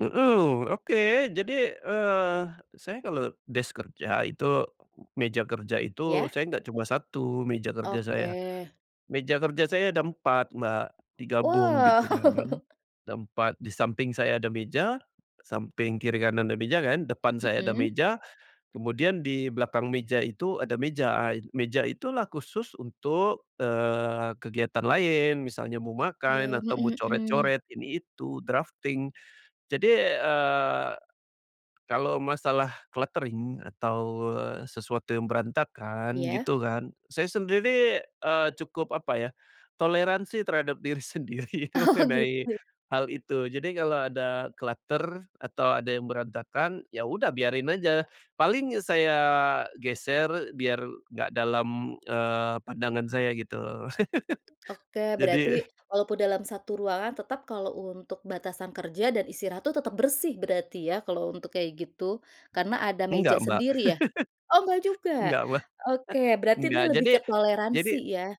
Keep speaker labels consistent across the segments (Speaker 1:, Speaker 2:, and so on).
Speaker 1: Mhm. Oke, jadi, eee, saya kalau desk kerja itu, meja kerja itu
Speaker 2: Iya.
Speaker 1: saya nggak cuma 1, meja kerja saya.
Speaker 2: Oke.
Speaker 1: Meja kerja saya ada 4 Mbak, digabung
Speaker 2: Wah.
Speaker 1: gitu kan kan, ada 4. Di samping saya ada meja, samping kiri kanan ada meja kan, depan saya ada
Speaker 2: Mhm.
Speaker 1: meja, kemudian di belakang meja itu ada meja. A meja itulah khusus untuk, eee, kegiatan lain misalnya mau
Speaker 2: Oke.
Speaker 1: makan atau mau
Speaker 2: Mhm mhm.
Speaker 1: coret-coret ini itu, drafting. Jadi, eee, kalau masalah cluttering atau, eee, sesuatu yang berantakan
Speaker 2: Iya.
Speaker 1: gitu kan. Saya sendiri, eee, cukup apa ya, toleransi terhadap diri sendiri
Speaker 2: Oh,
Speaker 1: mengenai
Speaker 2: gitu.
Speaker 1: hal itu. Jadi, kalau ada clutter atau ada yang berantakan, ya udah biarin aja, paling saya geser biar nggak dalam, eee, pandangan saya gitu,
Speaker 2: Oke, berarti
Speaker 1: jadi
Speaker 2: walaupun dalam satu ruangan tetap kalau untuk batasan kerja dan istirahat tuh tetap bersih berarti ya kalau untuk kayak gitu, karena ada meja
Speaker 1: Enggak Mbak,
Speaker 2: sendiri ya? Oh enggak juga.
Speaker 1: enggak, Mbak.
Speaker 2: Oke, berarti ini
Speaker 1: Enggak,
Speaker 2: lebih
Speaker 1: jadi
Speaker 2: ke
Speaker 1: jadi,
Speaker 2: toleransi ya?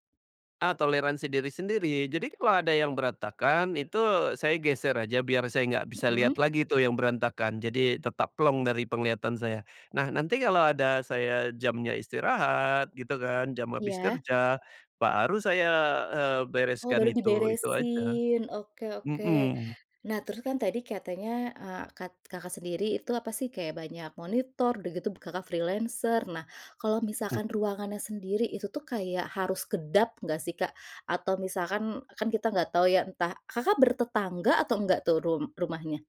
Speaker 1: eee, toleransi diri sendiri. Jadi kalau ada yang berantakan, itu saya geser aja biar saya nggak bisa lihat
Speaker 2: Mhm.
Speaker 1: lagi itu yang berantakan, jadi tetap plong dari penglihatan saya. Nah, nanti kalau ada saya jamnya istirahat gitu kan, jam habis
Speaker 2: Iya.
Speaker 1: kerja baru saya, eee,
Speaker 2: Oh,
Speaker 1: bereskan
Speaker 2: baru
Speaker 1: itu, itu aja.
Speaker 2: diberesin, oke oke.
Speaker 1: Mhm.
Speaker 2: Nah, terus kan tadi katanya, eee, kat Kakak sendiri itu, apa sih, kayak banyak monitor, udah gitu b Kakak freelancer. Nah, kalau
Speaker 1: Mhm.
Speaker 2: misalkan ruangannya sendiri, itu tuh kayak harus kedap enggak sih, Kak? Atau misalkan, kan kita gak tau ya entah Kakak bertetangga atau enggak tuh rum rumahnya?